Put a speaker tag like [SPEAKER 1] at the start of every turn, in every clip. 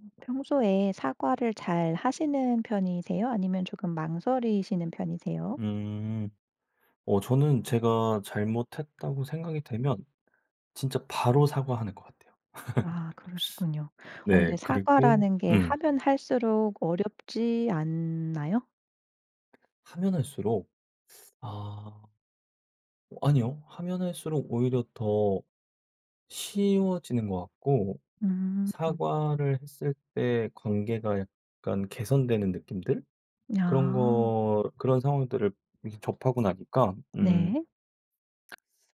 [SPEAKER 1] 음 평소에 사과를 잘 하시는 편이세요? 아니면 조금 망설이시는 편이세요?
[SPEAKER 2] 음. 어 저는 '제가 잘못 했다.'고 생각이 되면 진짜 바로 사과하는 것 같아요.
[SPEAKER 1] 아 그러시군요. 어
[SPEAKER 2] 네
[SPEAKER 1] 그런데
[SPEAKER 2] 그리고
[SPEAKER 1] 사과라는 게
[SPEAKER 2] 음.
[SPEAKER 1] 하면 할수록 어렵지 않나요?
[SPEAKER 2] 하면 할수록. 아 아니요. 하면 할수록 오히려 더 쉬워지는 것 같고
[SPEAKER 1] 음.
[SPEAKER 2] 사과를 했을 때 관계가 약간 개선되는 느낌들? 그런
[SPEAKER 1] 아.
[SPEAKER 2] 거 그런 상황들을 이렇게 접하고 나니까 음
[SPEAKER 1] 네.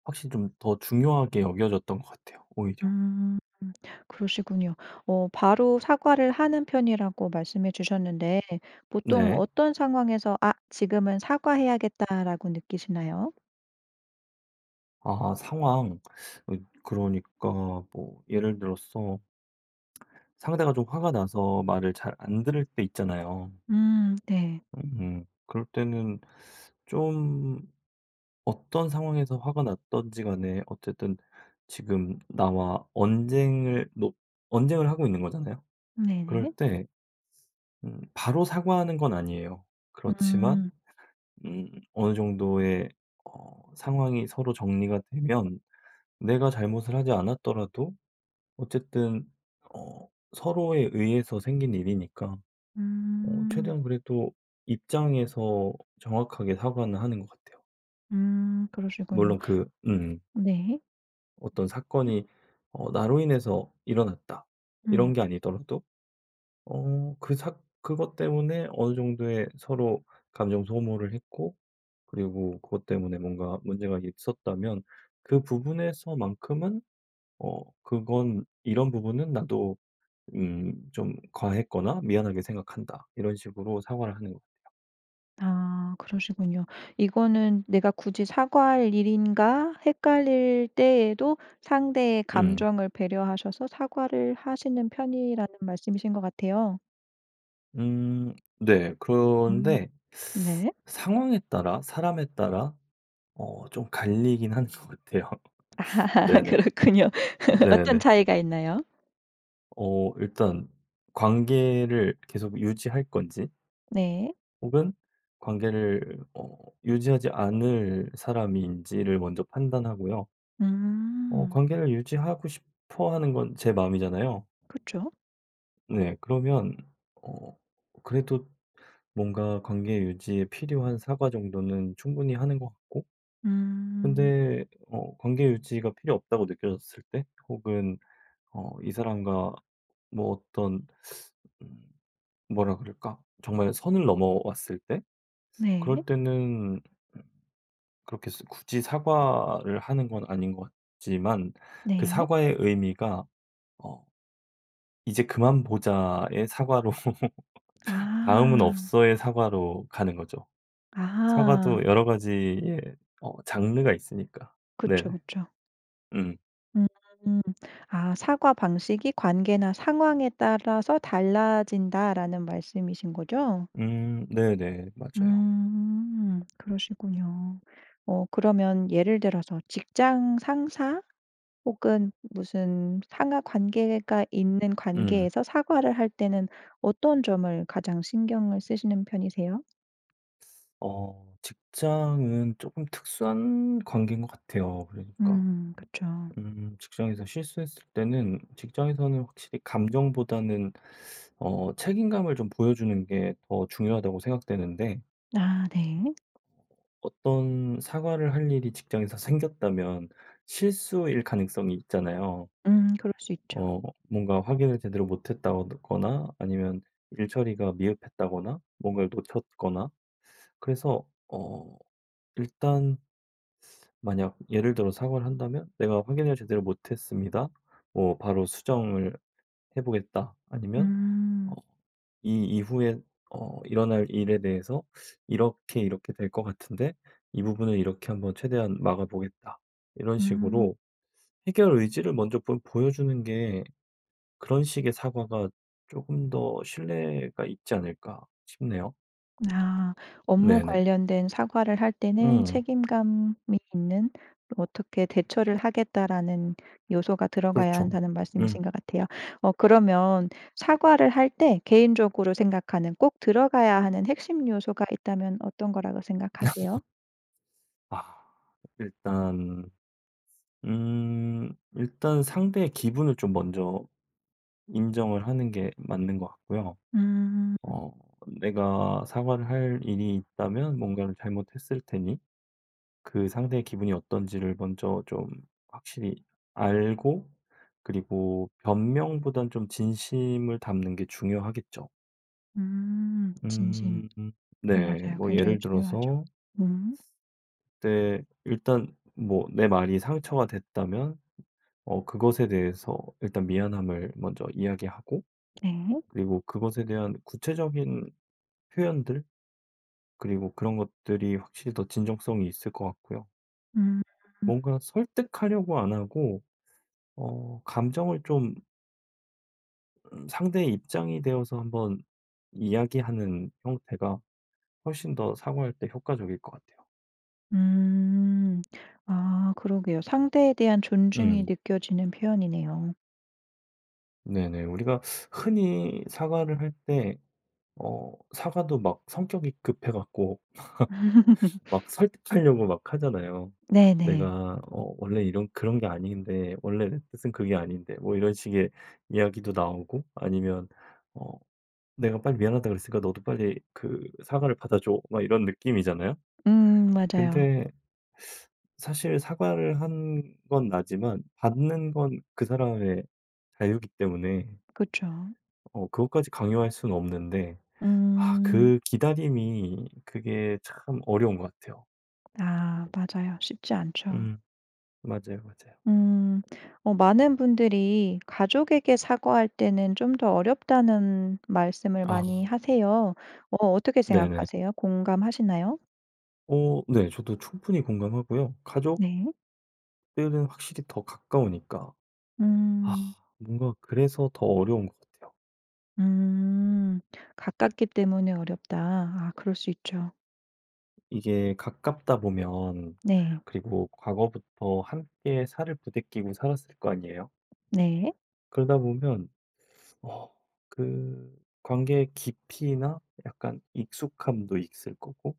[SPEAKER 2] 확실히 좀 더 중요하게 여겨졌던 것 같아요 오히려.
[SPEAKER 1] 음 그러시군요. 어 바로 사과를 하는 편이라고 말씀해 주셨는데 보통
[SPEAKER 2] 네.
[SPEAKER 1] 어떤 상황에서 '아 지금은 사과해야겠다.'라고 느끼시나요?
[SPEAKER 2] 아 상황. 어 그러니까 뭐 예를 들어서 상대가 좀 화가 나서 말을 잘 안 들을 때 있잖아요.
[SPEAKER 1] 음 네.
[SPEAKER 2] 음 그럴 때는 좀 어떤 상황에서 화가 났든지간에 어쨌든 지금 나와 언쟁을 뭐 언쟁을 하고 있는 거잖아요.
[SPEAKER 1] 네네.
[SPEAKER 2] 그럴 때 음 바로 사과하는 건 아니에요. 그렇지만
[SPEAKER 1] 음.
[SPEAKER 2] 음 어느 정도의 어 상황이 서로 정리가 되면 내가 잘못을 하지 않았더라도 어쨌든 어 서로에 의해서 생긴 일이니까 어
[SPEAKER 1] 음.
[SPEAKER 2] 최대한 그래도 입장에서 정확하게 사과는 하는 것 같아요.
[SPEAKER 1] 음 그러시군요.
[SPEAKER 2] 물론 그 음.
[SPEAKER 1] 네.
[SPEAKER 2] 어떤
[SPEAKER 1] [unintelligible]
[SPEAKER 2] 사건이 어 '나로 인해서 일어났다.' 이런
[SPEAKER 1] 음.
[SPEAKER 2] 게 아니더라도 어 그 사 그것 때문에 어느 정도의 서로 감정 소모를 했고 그리고 그것 때문에 뭔가 문제가 있었다면 그 부분에서 만큼은 어 그건 "이런 부분은 나도 음 좀 과했거나 미안하게 생각한다." 이런 식으로 사과를 하는 것 같아요.
[SPEAKER 1] 아 그러시군요. '이거는 내가 굳이 사과할 일인가?' 헷갈릴 때에도 상대의
[SPEAKER 2] 음.
[SPEAKER 1] 감정을 배려하셔서 사과를 하시는 편이라는 말씀이신 것 같아요.
[SPEAKER 2] 음 네.
[SPEAKER 1] 음
[SPEAKER 2] 그런데
[SPEAKER 1] 네.
[SPEAKER 2] 상황에 따라 사람에 따라 어 좀 갈리긴 하는 것 같아요. 네네.
[SPEAKER 1] 그렇군요.
[SPEAKER 2] 네
[SPEAKER 1] 어떤
[SPEAKER 2] 네.
[SPEAKER 1] 차이가 있나요?
[SPEAKER 2] 어 일단 관계를 계속 유지할 건지
[SPEAKER 1] 네.
[SPEAKER 2] 혹은 관계를 어 유지하지 않을 사람인지를 먼저 판단하고요. 어
[SPEAKER 1] 음.
[SPEAKER 2] 관계를 유지하고 싶어 하는 건 제 마음이잖아요.
[SPEAKER 1] 그쵸.
[SPEAKER 2] 네. 그러면 어 그래도 뭔가 관계 유지에 필요한 사과 정도는 충분히 하는 것 같고
[SPEAKER 1] 음.
[SPEAKER 2] 근데 어 관계 유지가 필요 없다고 느껴졌을 때? 혹은 어 이 사람과 뭐 어떤 음 뭐라 그럴까? 정말 선을 넘어왔을 때?
[SPEAKER 1] 네.
[SPEAKER 2] 그럴 때는 그렇게 스 굳이 사과를 하는 건 아닌 것 같지만 그
[SPEAKER 1] 네.
[SPEAKER 2] 사과의 의미가 어 "이제 그만 보자."의 사과로 "다음은
[SPEAKER 1] 아.
[SPEAKER 2] 없어."의 사과로 가는 거죠.
[SPEAKER 1] 아.
[SPEAKER 2] 사과도 여러 가지의 어 장르가 있으니까. 네.
[SPEAKER 1] 그쵸 그쵸.
[SPEAKER 2] 음.
[SPEAKER 1] 음. 아 "사과 방식이 관계나 상황에 따라서 달라진다."라는 말씀이신 거죠?
[SPEAKER 2] 음. 네네. 맞아요.
[SPEAKER 1] 음. 그러시군요. 어 그러면 예를 들어서 직장 상사? 혹은 무슨 상하 관계가 있는
[SPEAKER 2] 음.
[SPEAKER 1] 관계에서 사과를 할 때는 어떤 점을 가장 신경을 쓰시는 편이세요?
[SPEAKER 2] 어 직장은 쪼금 특수한 관계인 것 같아요. 그러니까
[SPEAKER 1] 음 그쵸.
[SPEAKER 2] 음 직장에서 실수했을 때는 직장에서는 확실히 감정보다는 어 책임감을 좀 보여주는 게 더 중요하다고 생각되는데.
[SPEAKER 1] 아 네.
[SPEAKER 2] 어떤 사과를 할 일이 직장에서 생겼다면 실수일 가능성이 있잖아요.
[SPEAKER 1] 음 그럴 수 있죠.
[SPEAKER 2] 어 뭔가 확인을 제대로 못했다거나 아니면 일처리가 미흡했다거나 뭔가를 놓쳤거나 그래서 어 일단 만약 예를 들어 사과를 한다면 "내가 확인을 제대로 못했습니다." 뭐 "바로 수정을 해 보겠다." 아니면 어
[SPEAKER 1] 음.
[SPEAKER 2] "이 이후에 어 일어날 일에 대해서 이렇게, 이렇게 될 것 같은데 이 부분을 이렇게 한번 최대한 막아보겠다." 이런
[SPEAKER 1] 음.
[SPEAKER 2] 식으로 '해결 의지를 먼저 좀 보여주는 게 그런 식의 사과가 쪼금 더 신뢰가 있지 않을까?' 싶네요.
[SPEAKER 1] 아 업무
[SPEAKER 2] 네네.
[SPEAKER 1] 관련된 사과를 할 때는
[SPEAKER 2] 음.
[SPEAKER 1] "책임감이 있는 '어떻게 대처를 하겠다.'라는 요소가 들어가야
[SPEAKER 2] 그렇죠.
[SPEAKER 1] 한다."는
[SPEAKER 2] 음.
[SPEAKER 1] 말씀이신 것 같아요. 어 그러면 사과를 할 때 개인적으로 생각하는 꼭 들어가야 하는 핵심 요소가 있다면 어떤 거라고 생각하세요?
[SPEAKER 2] 아. 일단 음 일단 상대의 기분을 좀 먼저 인정을 하는 게 맞는 것 같고요.
[SPEAKER 1] 음.
[SPEAKER 2] 어 내가 사과를 할 일이 있다면 뭔가를 잘못했을 테니 그 상대의 기분이 어떤지를 먼저 좀 확실히 알고 그리고 변명보단 좀 진심을 담는 게 중요하겠죠.
[SPEAKER 1] 음. 진심.
[SPEAKER 2] 음 네.
[SPEAKER 1] 맞아요.
[SPEAKER 2] 뭐
[SPEAKER 1] 굉장히
[SPEAKER 2] 예를
[SPEAKER 1] 중요하죠.
[SPEAKER 2] 들어서
[SPEAKER 1] 음.
[SPEAKER 2] 내 일단 뭐 내 말이 상처가 됐다면 어 그것에 대해서 일단 미안함을 먼저 이야기하고
[SPEAKER 1] 네.
[SPEAKER 2] 그리고 그것에 대한 구체적인 표현들 그리고 그런 것들이 확실히 더 진정성이 있을 것 같고요.
[SPEAKER 1] 음.
[SPEAKER 2] 뭔가 설득하려고 안 하고 어 감정을 좀 음 상대의 입장이 되어서 한번 이야기하는 형태가 훨씬 더 사과할 때 효과적일 것 같아요.
[SPEAKER 1] 음 아 그러게요. 상대에 대한 존중이
[SPEAKER 2] 응.
[SPEAKER 1] 느껴지는 표현이네요.
[SPEAKER 2] 네네. 우리가 흔히 사과를 할 때 어 사과도 막 성격이 급해 갖고 막 설득하려고 막 하잖아요.
[SPEAKER 1] 네네.
[SPEAKER 2] "내가 어 원래 이런 그런 게 아닌데 원래 뜻은 그게 아닌데." 뭐 이런 식의 이야기도 나오고 아니면 어 '내가 빨리 미안하다고 그랬으니까 너도 빨리 그 사과를 받아 줘.' 막 이런 느낌이잖아요.
[SPEAKER 1] 음 맞아요.
[SPEAKER 2] 근데 사실 사과를 한 건 나지만 받는 건 그 사람의 자유기 때문에
[SPEAKER 1] 그쵸.
[SPEAKER 2] 어 그것까지 강요할 수는 없는데 아
[SPEAKER 1] 음.
[SPEAKER 2] 그 기다림이 그게 참 어려운 것 같아요.
[SPEAKER 1] 아 맞아요. 쉽지 않죠.
[SPEAKER 2] 음. 맞아요. 맞아요.
[SPEAKER 1] 음. 어 많은 분들이 "가족에게 사과할 때는 좀 더 어렵다."는 말씀을 많이
[SPEAKER 2] 아.
[SPEAKER 1] 하세요. 어 어떻게
[SPEAKER 2] 네네.
[SPEAKER 1] 생각하세요? 공감하시나요?
[SPEAKER 2] 어 네. 저도 충분히 공감하고요. 가족
[SPEAKER 1] 네.
[SPEAKER 2] 들은 확실히 더 가까우니까. 아
[SPEAKER 1] 음.
[SPEAKER 2] 뭔가 그래서 더 어려운 것 같아요.
[SPEAKER 1] 음 "가깝기 때문에 어렵다." 아 그럴 수 있죠.
[SPEAKER 2] 이게 가깝다 보면
[SPEAKER 1] 네.
[SPEAKER 2] 그리고 과거부터 함께 살을 부대끼고 살았을 거 아니에요?
[SPEAKER 1] 네.
[SPEAKER 2] 그러다보면 어 그 관계의 깊이나 약간 익숙함도 있을 거고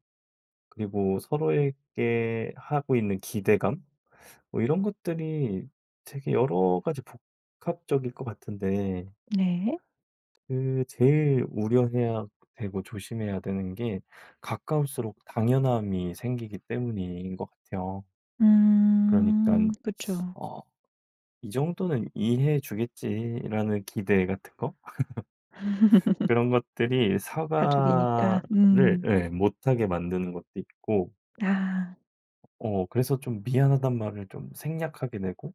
[SPEAKER 2] 그리고 서로에게 하고 있는 기대감 뭐 이런 것들이 되게 여러 가지 복합적일 것 같은데
[SPEAKER 1] 네.
[SPEAKER 2] 그 제일 우려해야 되고 조심해야 되는 게 가까울수록 당연함이 생기기 때문인 것 같아요. 그러니깐
[SPEAKER 1] 음. 그쵸.
[SPEAKER 2] 어 '이 정도는 이해해 주겠지.'라는 기대 같은 거? 그런 것들이
[SPEAKER 1] 가족이니까.
[SPEAKER 2] 사과를
[SPEAKER 1] 음.
[SPEAKER 2] 예 못하게 만드는 것도 있고
[SPEAKER 1] 아.
[SPEAKER 2] 어 그래서 좀 미안하단 말을 좀 생략하게 되고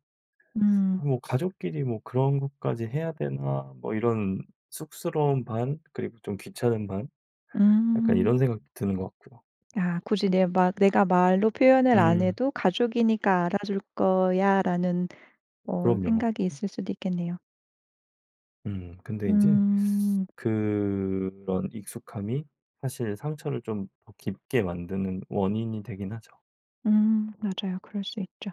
[SPEAKER 1] 음.
[SPEAKER 2] '아 뭐 가족끼리 뭐 그런 것까지 해야 되나.' 뭐 이런 쑥스러움 반 그리고 좀 귀찮음 반 약간
[SPEAKER 1] 음.
[SPEAKER 2] 이런 생각도 드는 것 같고요.
[SPEAKER 1] 아 굳이 내 막 내가 말로 표현을 안
[SPEAKER 2] 음.
[SPEAKER 1] 해도 '가족이니까 알아줄 거야.'라는 어
[SPEAKER 2] 그럼요.
[SPEAKER 1] 생각이 있을 수도 있겠네요.
[SPEAKER 2] 음 근데 인제
[SPEAKER 1] 음.
[SPEAKER 2] 그런 익숙함이 사실 상처를 좀 더 깊게 만드는 원인이 되긴 하죠.
[SPEAKER 1] 음 맞아요. 그럴 수 있죠.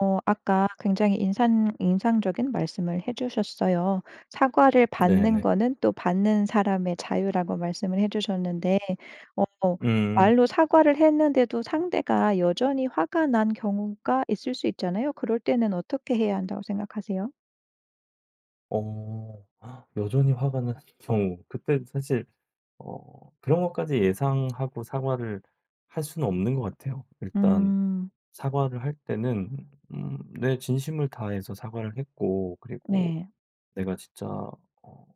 [SPEAKER 1] 어 아까 굉장히 인산 인상적인 말씀을 해주셨어요. "사과를 받는
[SPEAKER 2] 네네.
[SPEAKER 1] 거는 또 받는 사람의 자유."라고 말씀을 해 주셨는데 어
[SPEAKER 2] 음.
[SPEAKER 1] 말로 사과를 했는데도 상대가 여전히 화가 난 경우가 있을 수 있잖아요? 그럴 때는 어떻게 해야 한다고 생각하세요?
[SPEAKER 2] 어 여전히 화가 난 경우 그때 사실 어 그런 것까지 예상하고 사과를 할 수는 없는 것 같아요. 일단
[SPEAKER 1] 음.
[SPEAKER 2] 사과를 할 때는 음 내 진심을 다해서 사과를 했고 그리고
[SPEAKER 1] 네.
[SPEAKER 2] 내가 진짜 어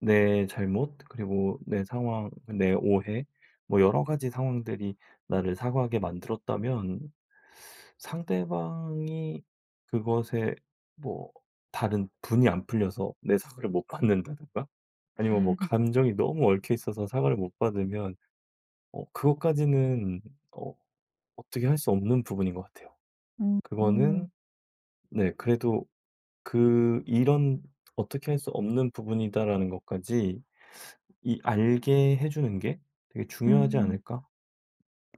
[SPEAKER 2] 내 잘못 그리고 내 상황 내 오해 뭐 여러 가지 상황들이 나를 사과하게 만들었다면 상대방이 그것에 뭐 다른 분이 안 풀려서 내 사과를 못 받는다든가 아니면 뭐 감정이 너무 얽혀 있어서 사과를 못 받으면 어 그것까지는 어 어떻게 할 수 없는 부분인 것 같아요.
[SPEAKER 1] 음.
[SPEAKER 2] 그거는 네 그래도 그 이런 '어떻게 할 수 없는 부분이다.'라는 것까지 이 알게 해주는 게 되게 중요하지
[SPEAKER 1] 음.
[SPEAKER 2] 않을까?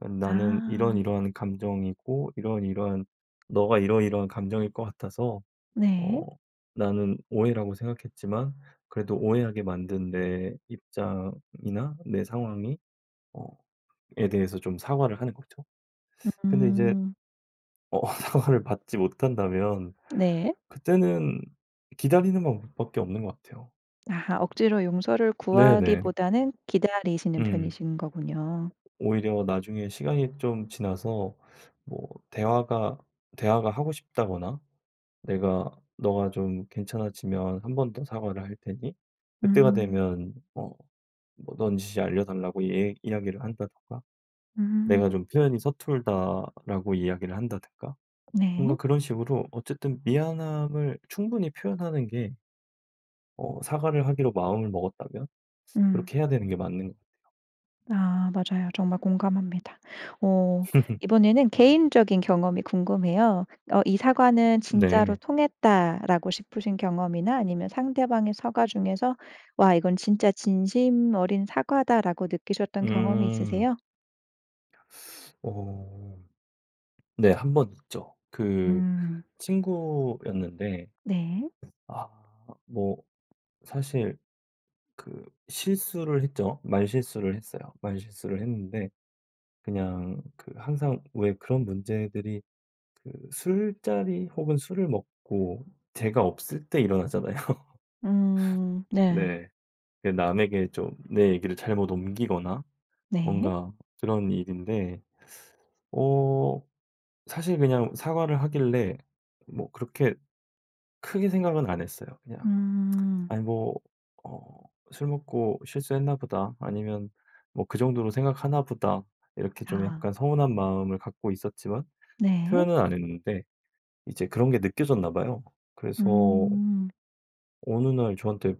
[SPEAKER 2] 어 나는
[SPEAKER 1] 아.
[SPEAKER 2] 이러이러한 감정이고 이러이러한 너가 이러이러한 감정일 것 같아서 어
[SPEAKER 1] 네.
[SPEAKER 2] 나는 오해라고 생각했지만 그래도 오해하게 만든 내 입장이나 내 상황이 어 에 대해서 좀 사과를 하는 거죠. 근데 이제
[SPEAKER 1] 음.
[SPEAKER 2] 어 사과를 받지 못한다면
[SPEAKER 1] 네.
[SPEAKER 2] 그때는 기다리는 것 밖에 없는 것 같아요.
[SPEAKER 1] 아하 억지로 용서를
[SPEAKER 2] 네 네.
[SPEAKER 1] 구하기보다는 기다리시는
[SPEAKER 2] 음.
[SPEAKER 1] 편이신거군요.
[SPEAKER 2] 오히려 나중에 시간이 좀 지나서 뭐 대화가, 대화가 하고 싶다거나 "내가 너가 좀 괜찮아지면 한 번 더 사과를 할 테니 그때가
[SPEAKER 1] 음.
[SPEAKER 2] 되면 뭐, 뭐 넌지시 알려달라."고 얘 이야기를 한다든가. "내가
[SPEAKER 1] 음.
[SPEAKER 2] 좀 표현이 서툴다."라고 이야기를 한다든가 뭔가
[SPEAKER 1] 네.
[SPEAKER 2] 그런 식으로 어쨌든 미안함을 충분히 표현하는 게 어 사과를 하기로 마음을 먹었다면
[SPEAKER 1] 음.
[SPEAKER 2] 그렇게 해야 되는 게 맞는 것 같아요.
[SPEAKER 1] 아 맞아요. 정말 공감합니다. 어 이번에는 개인적인 경험이 궁금해요. 어 '이 사과는 진짜로
[SPEAKER 2] 네.
[SPEAKER 1] 통했다.'라고 싶으신 경험이나 아니면 상대방의 사과 중에서 '와 이건 진짜 진심 어린 사과다.'라고 느끼셨던 경험이
[SPEAKER 2] 음.
[SPEAKER 1] 있으세요?
[SPEAKER 2] 어. 네. 1 번 있죠. 그
[SPEAKER 1] 음.
[SPEAKER 2] 친구였는데
[SPEAKER 1] 네.
[SPEAKER 2] 아 뭐 사실 그 실수를 했죠. 말실수를 했어요. 말실수를 했는데 그냥 그 항상 왜 그런 문제들이 그 술자리 혹은 술을 먹고 제가 없을 때 일어나잖아요.
[SPEAKER 1] 음 네.
[SPEAKER 2] 네. 그 남에게 좀 내 얘기를 잘못 옮기거나
[SPEAKER 1] 네.
[SPEAKER 2] 뭔가 그런 일인데 어 사실 그냥 사과를 하길래 뭐 그렇게 크게 생각은 안 했어요. 그냥
[SPEAKER 1] 음.
[SPEAKER 2] '아니 뭐 어 술 먹고 실수했나 보다.' 아니면 뭐 '그 정도로 생각하나 보다.' 이렇게 좀
[SPEAKER 1] 아.
[SPEAKER 2] 약간 서운한 마음을 갖고 있었지만
[SPEAKER 1] 네.
[SPEAKER 2] 표현은 안 했는데 이제 그런 게 느껴졌나 봐요. 그래서
[SPEAKER 1] 음.
[SPEAKER 2] 어느 날 저한테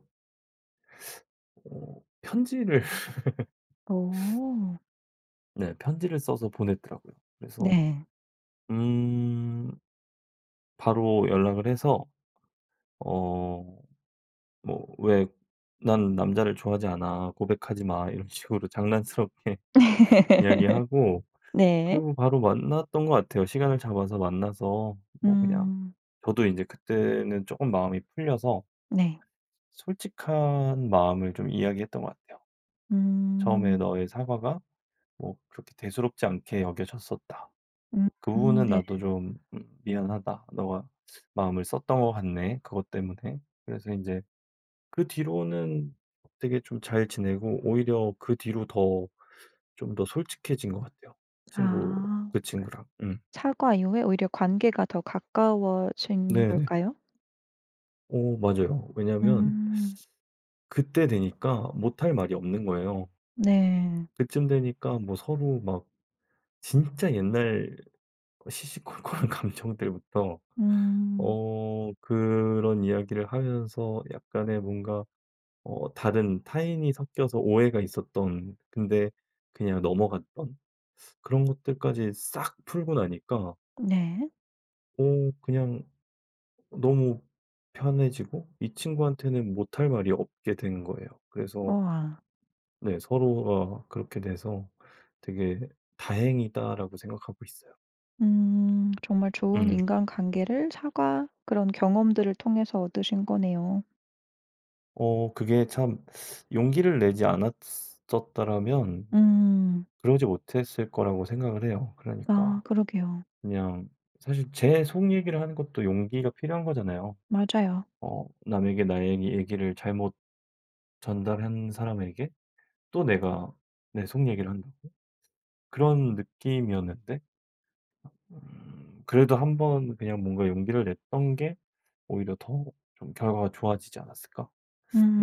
[SPEAKER 2] 어. 편지를
[SPEAKER 1] 오.
[SPEAKER 2] 네. 편지를 써서 보냈더라고요. 그래서
[SPEAKER 1] 네.
[SPEAKER 2] 음 바로 연락을 해서 어 뭐 왜 "난 남자를 좋아하지 않아. 고백하지 마." 이런 식으로 장난스럽게 이야기하고
[SPEAKER 1] 네.
[SPEAKER 2] 그리고 바로 만났던 것 같아요. 시간을 잡아서 만나서 뭐 그냥
[SPEAKER 1] 음.
[SPEAKER 2] 저도 인제 그때는 쪼금 마음이 풀려서
[SPEAKER 1] 네.
[SPEAKER 2] 솔직한 마음을 좀 이야기했던 것 같아요. "처음에
[SPEAKER 1] 음.
[SPEAKER 2] 너의 사과가 뭐 그렇게 대수롭지 않게 여겨졌었다.
[SPEAKER 1] 음
[SPEAKER 2] 그
[SPEAKER 1] 음.
[SPEAKER 2] 부분은
[SPEAKER 1] 네.
[SPEAKER 2] 나도 좀 음 미안하다. 너가 마음을 썼던 것 같네. 그것 때문에." 그래서 인제 그 뒤로는 되게 좀 잘 지내고 오히려 그 뒤로 더 좀 더 솔직해진 것 같아요. 친구,
[SPEAKER 1] 아.
[SPEAKER 2] 그 친구랑. 음.
[SPEAKER 1] 사과 이후에 오히려 관계가 더 가까워진
[SPEAKER 2] 네네.
[SPEAKER 1] 걸까요?
[SPEAKER 2] 어. 맞아요. 왜냐면
[SPEAKER 1] 음.
[SPEAKER 2] 그때 되니까 못 할 말이 없는 거예요.
[SPEAKER 1] 네.
[SPEAKER 2] 그쯤 되니까 뭐 서로 막 진짜 옛날 시시콜콜한 감정들부터
[SPEAKER 1] 음.
[SPEAKER 2] 어 그런 이야기를 하면서 약간의 뭔가 어 다른 타인이 섞여서 오해가 있었던 근데 그냥 넘어갔던 그런 것들까지 싹 풀고 나니까
[SPEAKER 1] 네.
[SPEAKER 2] 어 그냥 너무 편해지고 이 친구한테는 못 할 말이 없게 된 거예요. 그래서
[SPEAKER 1] 우와.
[SPEAKER 2] 네. 서로가 그렇게 돼서 '되게 다행이다.'라고 생각하고 있어요.
[SPEAKER 1] 음 정말 좋은
[SPEAKER 2] 음.
[SPEAKER 1] 인간관계를 사과 그런 경험들을 통해서 얻으신 거네요.
[SPEAKER 2] 어 그게 참 용기를 내지 않았었더라면
[SPEAKER 1] 음.
[SPEAKER 2] 그러지 못 했을 거라고 생각을 해요.
[SPEAKER 1] 아
[SPEAKER 2] 그러니까
[SPEAKER 1] 그러게요.
[SPEAKER 2] 그냥 사실 제 속 얘기를 하는 것도 용기가 필요한 거잖아요.
[SPEAKER 1] 맞아요.
[SPEAKER 2] 어 '남에게 나의 얘기를 잘못 전달한 사람에게 또 내가 내 속 얘기를 한다고?' 그런 느낌이었는데. 음 '그래도 한번 그냥 뭔가 용기를 냈던 게 오히려 더 좀 결과가 좋아지지 않았을까?'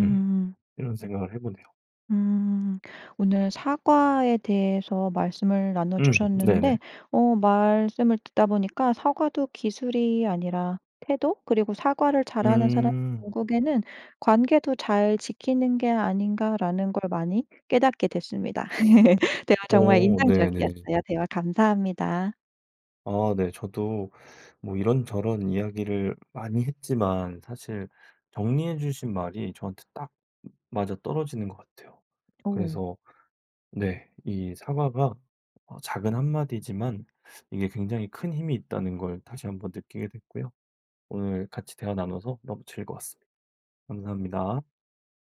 [SPEAKER 2] 음 이런 생각을 해 보네요.
[SPEAKER 1] 음. 오늘 사과에 대해서 말씀을 나눠
[SPEAKER 2] 음
[SPEAKER 1] 주셨는데
[SPEAKER 2] 네네.
[SPEAKER 1] 어 말씀을 듣다 보니까 '사과도 기술이 아니라 태도? 그리고 사과를 잘하는 사람이
[SPEAKER 2] 음.
[SPEAKER 1] 결국에는 관계도 잘 지키는 게 아닌가.'라는 걸 많이 깨닫게 됐습니다. 대화 정말
[SPEAKER 2] 어 네네.
[SPEAKER 1] 인상적이었어요. 대화 감사합니다.
[SPEAKER 2] 아 네. 저도 뭐 이런저런 이야기를 많이 했지만 사실 정리해 주신 말이 저한테 딱 아 맞아떨어지는 것 같아요.
[SPEAKER 1] 어.
[SPEAKER 2] 그래서 네 이 사과가 어 작은 한마디지만 이게 굉장히 큰 힘이 있다는 걸 다시 한번 느끼게 됐고요. 오늘 같이 대화 나눠서 너무 즐거웠습니다. 감사합니다.